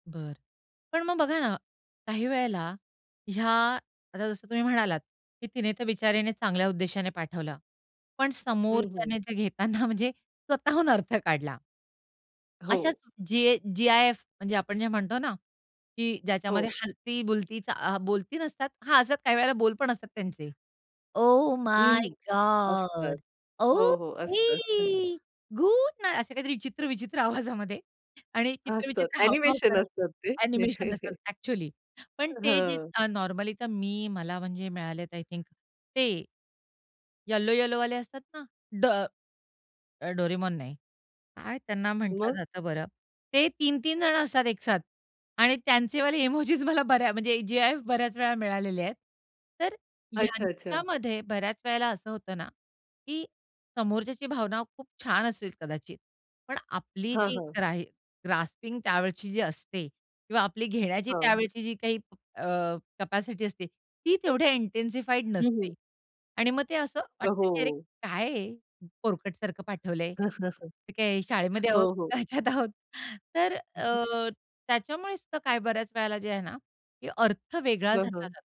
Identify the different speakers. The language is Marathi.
Speaker 1: बरं, पण मग बघा ना, काही वेळेला ह्या आता जसं तुम्ही म्हणालात की तिने तर बिचारीने चांगल्या उद्देशाने पाठवलं, पण
Speaker 2: हं, हं.
Speaker 1: समोरच्याने जे घेताना म्हणजे स्वतःहून अर्थ काढला. अशाच
Speaker 2: हो.
Speaker 1: जी जी-आय-एफ म्हणजे आपण जे म्हणतो ना, की ज्याच्यामध्ये
Speaker 2: हो.
Speaker 1: हलती, बुलती चा आ, बोलती नसतात हां, असतं काही वेळेला बोल पण असतात त्यांचे. ओ
Speaker 2: हं,
Speaker 1: माय
Speaker 2: हं. असतात.
Speaker 1: गॉड,
Speaker 2: हो, हो. असतात.
Speaker 1: ओके, गुड नाईट असे काहीतरी चित्र विचित्र आवाजामध्ये आणि चित्र
Speaker 2: असतात.
Speaker 1: विचित्र हावभाव
Speaker 2: अ‍ॅनिमेशन
Speaker 1: करत
Speaker 2: असतात ते.
Speaker 1: अ‍ॅनिमेशन असतात अ‍ॅक्चुअली, पण
Speaker 2: अ,
Speaker 1: ते जे
Speaker 2: हं.
Speaker 1: अ, नॉर्मली तर मी मला म्हणजे मिळालेत आय थिंक ते येलो येलोवाले असतात ना, ड डोरेमोन नाही. काय त्यांना म्हंटलं
Speaker 2: मग?
Speaker 1: जातं बरं ते 3-3 जणं असतात एकसाथ आणि त्यांचेवाले इमोजीस मला बऱ्या म्हणजे जी-आय-एफ बऱ्याच वेळा मिळालेले आहेत. तर
Speaker 2: अच्छा, अच्छा.
Speaker 1: ह्यांच्यामध्ये बऱ्याच वेळेला असं होतं ना, की समोरच्याची भावना खूप छान असतील कदाचित, पण आपली
Speaker 2: हां,
Speaker 1: जी
Speaker 2: हां.
Speaker 1: ग्रा ग्रास्पिंग त्यावेळची जी असते किंवा आपली घेण्याची
Speaker 2: हां.
Speaker 1: त्यावेळची जी काही अ, कॅपॅसिटी असते, ती तेवढ्या इंटेन्सिफाईड
Speaker 2: हं,
Speaker 1: नसते
Speaker 2: हं.
Speaker 1: आणि मग ते असं वाटतं की अरे,
Speaker 2: हो.
Speaker 1: काय हे पोरकटसारखं पाठवलंय. आम्ही काय शाळेमध्ये आहोत,
Speaker 2: हो, हो.
Speaker 1: ह्याच्यात आहोत, तर अ, त्याच्यामुळेसुद्धा काय बऱ्याच वेळेला जे आहे ना की अर्थ वेगळा
Speaker 2: हं,
Speaker 1: धरला जातो.
Speaker 2: हं.